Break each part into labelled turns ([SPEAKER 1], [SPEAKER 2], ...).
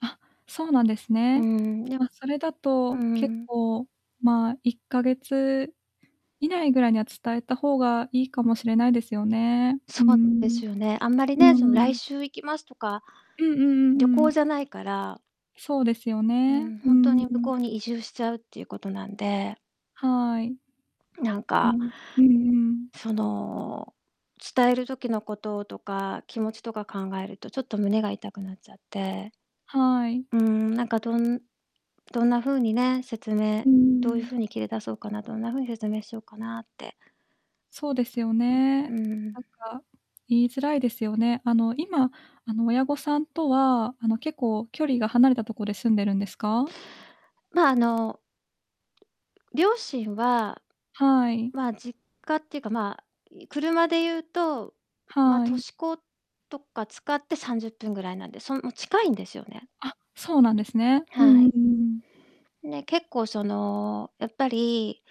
[SPEAKER 1] あ、そうなんです
[SPEAKER 2] う
[SPEAKER 1] ね。
[SPEAKER 2] ん、ね。
[SPEAKER 1] ま、それだ
[SPEAKER 2] う
[SPEAKER 1] と、結
[SPEAKER 2] ん。
[SPEAKER 1] 構、まあ、1ヶ月以内ぐらいには、伝えた方がいいかもしれないですよね。
[SPEAKER 2] そ
[SPEAKER 1] う
[SPEAKER 2] うで
[SPEAKER 1] ん
[SPEAKER 2] すよね。あんまり
[SPEAKER 1] うん、
[SPEAKER 2] ね、
[SPEAKER 1] うん
[SPEAKER 2] その、
[SPEAKER 1] う
[SPEAKER 2] 来
[SPEAKER 1] ん。
[SPEAKER 2] 週行きますとか、
[SPEAKER 1] うんうんうん
[SPEAKER 2] 旅
[SPEAKER 1] う
[SPEAKER 2] 行
[SPEAKER 1] ん。
[SPEAKER 2] じゃないから。
[SPEAKER 1] そうですよ
[SPEAKER 2] う
[SPEAKER 1] ね、
[SPEAKER 2] ん、
[SPEAKER 1] う
[SPEAKER 2] ほんと
[SPEAKER 1] んうん、
[SPEAKER 2] に
[SPEAKER 1] う
[SPEAKER 2] 向こ
[SPEAKER 1] ん。
[SPEAKER 2] うに移住しちゃうっていうことなんで。
[SPEAKER 1] はい。
[SPEAKER 2] なん
[SPEAKER 1] う
[SPEAKER 2] か
[SPEAKER 1] ん、うんうん。
[SPEAKER 2] その、伝える時のこととか、気持ちとか考えると、ちょっと胸が痛くなっちゃって。
[SPEAKER 1] はい。
[SPEAKER 2] うん、なんかどんどんな風にね、説明
[SPEAKER 1] うんうんう
[SPEAKER 2] どういう
[SPEAKER 1] ん。
[SPEAKER 2] 風に切り出そうかな、どんな風に説明しようかなって。
[SPEAKER 1] そうですよ
[SPEAKER 2] う
[SPEAKER 1] ね。
[SPEAKER 2] ん。
[SPEAKER 1] なんか、言いづらいですよね。あの、今、あの、親御さんとは、あの、結構距離が離れたとこで住んでるんですか？
[SPEAKER 2] ま、あの両親は
[SPEAKER 1] はい。
[SPEAKER 2] ま、実家っていうか、ま、い車で言うと、ま、
[SPEAKER 1] は
[SPEAKER 2] 都
[SPEAKER 1] い。
[SPEAKER 2] 市高とか使って30分ぐらいなんで、その、近いんですよね。
[SPEAKER 1] あ、そうなんですね。う
[SPEAKER 2] は
[SPEAKER 1] んうん
[SPEAKER 2] い。
[SPEAKER 1] うんうん。
[SPEAKER 2] ね、結構その、やっぱり、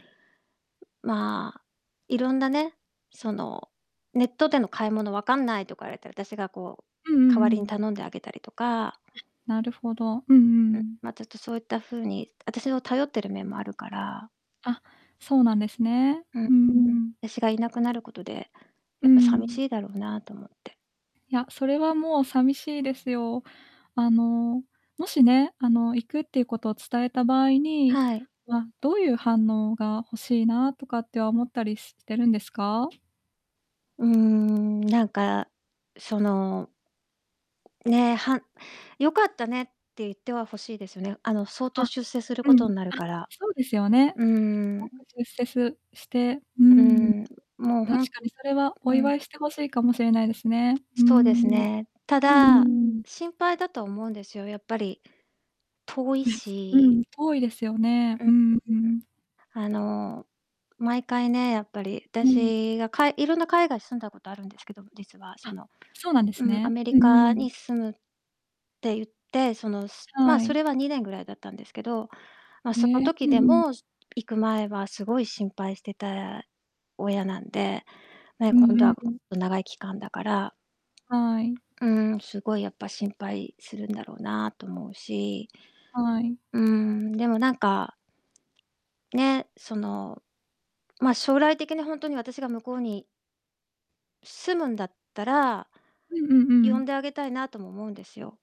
[SPEAKER 2] まあ、色んなね、その、「ネットでの買い物分かんない」とか言われたら、私がこう
[SPEAKER 1] うんうん
[SPEAKER 2] 代
[SPEAKER 1] う
[SPEAKER 2] わりに
[SPEAKER 1] ん。
[SPEAKER 2] 頼んであげたりとか。
[SPEAKER 1] なるほど。うんうんう
[SPEAKER 2] うん、
[SPEAKER 1] ん。
[SPEAKER 2] ま、ちょっとそういった風に私を頼ってる面もあるから。
[SPEAKER 1] あ、そうなんですね。
[SPEAKER 2] う
[SPEAKER 1] う
[SPEAKER 2] ん、
[SPEAKER 1] んう
[SPEAKER 2] うん。
[SPEAKER 1] ん。
[SPEAKER 2] 私が居なくなることで、
[SPEAKER 1] う
[SPEAKER 2] やっぱ
[SPEAKER 1] んう
[SPEAKER 2] 寂し
[SPEAKER 1] ん。
[SPEAKER 2] いだろうなと思って。
[SPEAKER 1] いや、それはもう寂しいですよ。あの、もしね、あの、行くっていうことを伝えた場合に、
[SPEAKER 2] はい。
[SPEAKER 1] ま、どういう反応が欲しいなとかっては思ったりしてるんですか？
[SPEAKER 2] うーん、なんか、そのね、はん良かったねって言っては欲しいですよね。あの、相当
[SPEAKER 1] あ、
[SPEAKER 2] 出世する
[SPEAKER 1] う
[SPEAKER 2] こと
[SPEAKER 1] ん、
[SPEAKER 2] んなる
[SPEAKER 1] あ、
[SPEAKER 2] から。
[SPEAKER 1] そうですよね。
[SPEAKER 2] う
[SPEAKER 1] す
[SPEAKER 2] ー
[SPEAKER 1] ご
[SPEAKER 2] ん。
[SPEAKER 1] く出世すしてう
[SPEAKER 2] う
[SPEAKER 1] ん。
[SPEAKER 2] ん、もう
[SPEAKER 1] 確
[SPEAKER 2] ほん
[SPEAKER 1] かにそれはお
[SPEAKER 2] う
[SPEAKER 1] 祝
[SPEAKER 2] ん。
[SPEAKER 1] いして欲しいかもしれないですね。う
[SPEAKER 2] そうです
[SPEAKER 1] ん
[SPEAKER 2] ね。た
[SPEAKER 1] うんうん。あ、うんう
[SPEAKER 2] だ、
[SPEAKER 1] ん。
[SPEAKER 2] 心配だと思うんですよ。やっぱり、遠い
[SPEAKER 1] [unintelligible] う
[SPEAKER 2] し
[SPEAKER 1] ん、遠いですよね。
[SPEAKER 2] うん、
[SPEAKER 1] うんう
[SPEAKER 2] ん。
[SPEAKER 1] ん。
[SPEAKER 2] あの、毎回ね、やっぱり、
[SPEAKER 1] うん。
[SPEAKER 2] 私がかい色んな海外住んだことあるんですけど、実は、そ
[SPEAKER 1] あ、
[SPEAKER 2] の。
[SPEAKER 1] そうなんです
[SPEAKER 2] うん、ア
[SPEAKER 1] ね。
[SPEAKER 2] メリ
[SPEAKER 1] うんう
[SPEAKER 2] カ
[SPEAKER 1] ん。
[SPEAKER 2] に住むって言って、そのすま、
[SPEAKER 1] は
[SPEAKER 2] そ
[SPEAKER 1] い。
[SPEAKER 2] れは2年ぐらいだったんですけど、ま、
[SPEAKER 1] へ
[SPEAKER 2] その
[SPEAKER 1] え、う
[SPEAKER 2] 時
[SPEAKER 1] ん
[SPEAKER 2] で
[SPEAKER 1] うん。
[SPEAKER 2] も、す行く前はすごい心配してた親なんで。ね、
[SPEAKER 1] うん
[SPEAKER 2] 今度
[SPEAKER 1] う
[SPEAKER 2] は
[SPEAKER 1] んう
[SPEAKER 2] もっ
[SPEAKER 1] ん。
[SPEAKER 2] と長い期間だから。
[SPEAKER 1] はい。
[SPEAKER 2] うん、すごいやっぱ心配するんだろうな、と思うし。
[SPEAKER 1] はい。
[SPEAKER 2] うん、でもなんかね、その、ま、将来的にほんとに私が向こうに住むんだったら、
[SPEAKER 1] うんうんう
[SPEAKER 2] 呼
[SPEAKER 1] ん。
[SPEAKER 2] んであげたいなとも思うんですよ。